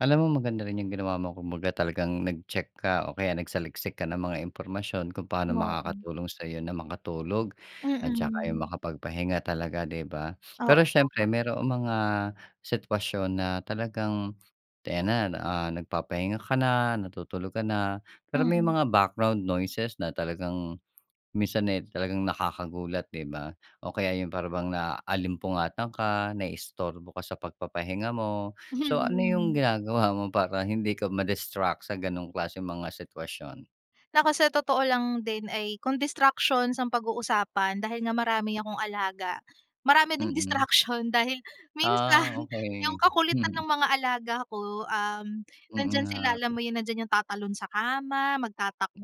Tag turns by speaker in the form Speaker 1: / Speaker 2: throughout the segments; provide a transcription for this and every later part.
Speaker 1: Alam mo, maganda rin 'yung ginawa mo. Kumbaga, talagang nag-check ka o kaya nagsaliksik ka ng mga impormasyon kung paano
Speaker 2: Oo.
Speaker 1: makakatulong sa'yo na makatulog at saka 'yung
Speaker 2: Mm.
Speaker 1: makapagpahinga talaga, 'di ba?
Speaker 2: Oo
Speaker 1: Pero siyempre,
Speaker 2: nga.
Speaker 1: maroong mga sitwasyon na talagang 'di ayan na, ah, nagpapahinga ka na, natutulog ka na, pero may
Speaker 2: Mm.
Speaker 1: mga background noises na talagang minsan, eh, talagang nakakagulat, 'di ba? O kaya yun para bang naalimpungatan ka, naistorbo ka sa pagpapahinga mo. So, ano 'yung
Speaker 2: Hmm.
Speaker 1: ginagawa mo para hindi ka ma-distract sa ganong klaseng mga sitwasyon?
Speaker 2: Naku, sa totoo lang din ay kung distractions ang pag-uusapan, dahil nga marami akong alaga, marami ding
Speaker 1: Mm.
Speaker 2: distraction. Dahil
Speaker 1: Ah,
Speaker 2: minsan, 'yung
Speaker 1: okey.
Speaker 2: kakulitan
Speaker 1: Mm.
Speaker 2: ng mga alaga ko, um,
Speaker 1: Mm
Speaker 2: nandiyan sila, alam
Speaker 1: nga.
Speaker 2: mo 'yun, nandiyan 'yung tatalon sa kama,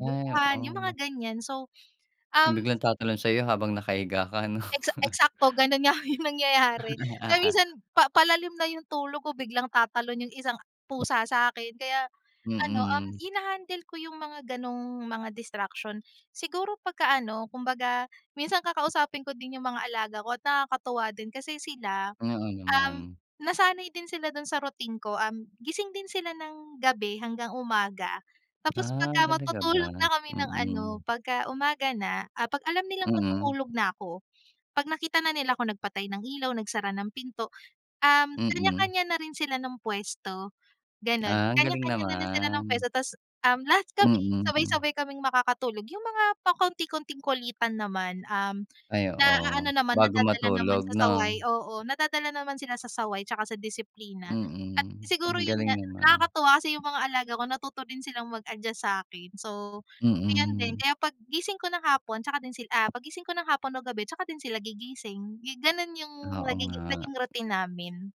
Speaker 1: Ay,
Speaker 2: 'yung
Speaker 1: oo.
Speaker 2: mga ganyan. So, um
Speaker 1: Biglang tatalon sa'yo habang nakahiga ka, ano?
Speaker 2: Eksa eksakto ganun nga 'yung nangyayari kaya minsan pa palalim na 'yung tulog ko biglang tatalon 'yung isang pusa sa akin. Kaya ano, um,
Speaker 1: Mm.
Speaker 2: hina-handle ko 'yung mga ganung mga distraction. Siguro pagka ano, kumbaga, minsan kakausapin ko din 'yung mga alaga ko at nakakatuwa din kasi sila,
Speaker 1: Oo
Speaker 2: um,
Speaker 1: naman.
Speaker 2: nasanay din sila dun sa routine ko. Um, gising din sila ng gabi hanggang umaga tapos
Speaker 1: Ah,
Speaker 2: pagka
Speaker 1: talaga ba?
Speaker 2: matutulog na kami ng ano,
Speaker 1: Mm.
Speaker 2: pagka umaga na ah, 'pag alam nilang
Speaker 1: Mm.
Speaker 2: matutulog na 'ko, 'pag nakita na nila 'kong nagpatay ng ilaw, nagsara ng pinto, um,
Speaker 1: Mm.
Speaker 2: kanya-kanya na rin sila ng pwesto, ganon.
Speaker 1: Ah, ang galing
Speaker 2: Kanya-kanya na rin sila ng
Speaker 1: naman.
Speaker 2: pwesto tas, um, lahat kami,
Speaker 1: Mm, hmm.
Speaker 2: sabay-sabay kaming makakatulog. 'Yung mga pakonti-konting kulitan naman, um,
Speaker 1: Ay oo.
Speaker 2: na-aano naman,
Speaker 1: Bago
Speaker 2: nadadala naman
Speaker 1: matulog
Speaker 2: sa
Speaker 1: 'no?
Speaker 2: saway. Oo, nadadala naman sila sa saway tsaka sa disiplina. At
Speaker 1: Mm,
Speaker 2: siguro
Speaker 1: ang
Speaker 2: 'yun
Speaker 1: galing
Speaker 2: nga,
Speaker 1: naman.
Speaker 2: nakakatuwa kasi 'yung mga alaga ko natuto din silang mag-adjust sa akin. So, ayun din,
Speaker 1: Mm.
Speaker 2: kaya 'pag gising ko ng hapon tsaka din sila ah, 'pag gising ko ng hapon o gabi, tsaka din sila gigising. Yu ganun 'yung
Speaker 1: Oo
Speaker 2: nagigi
Speaker 1: nga.
Speaker 2: naging routine namin.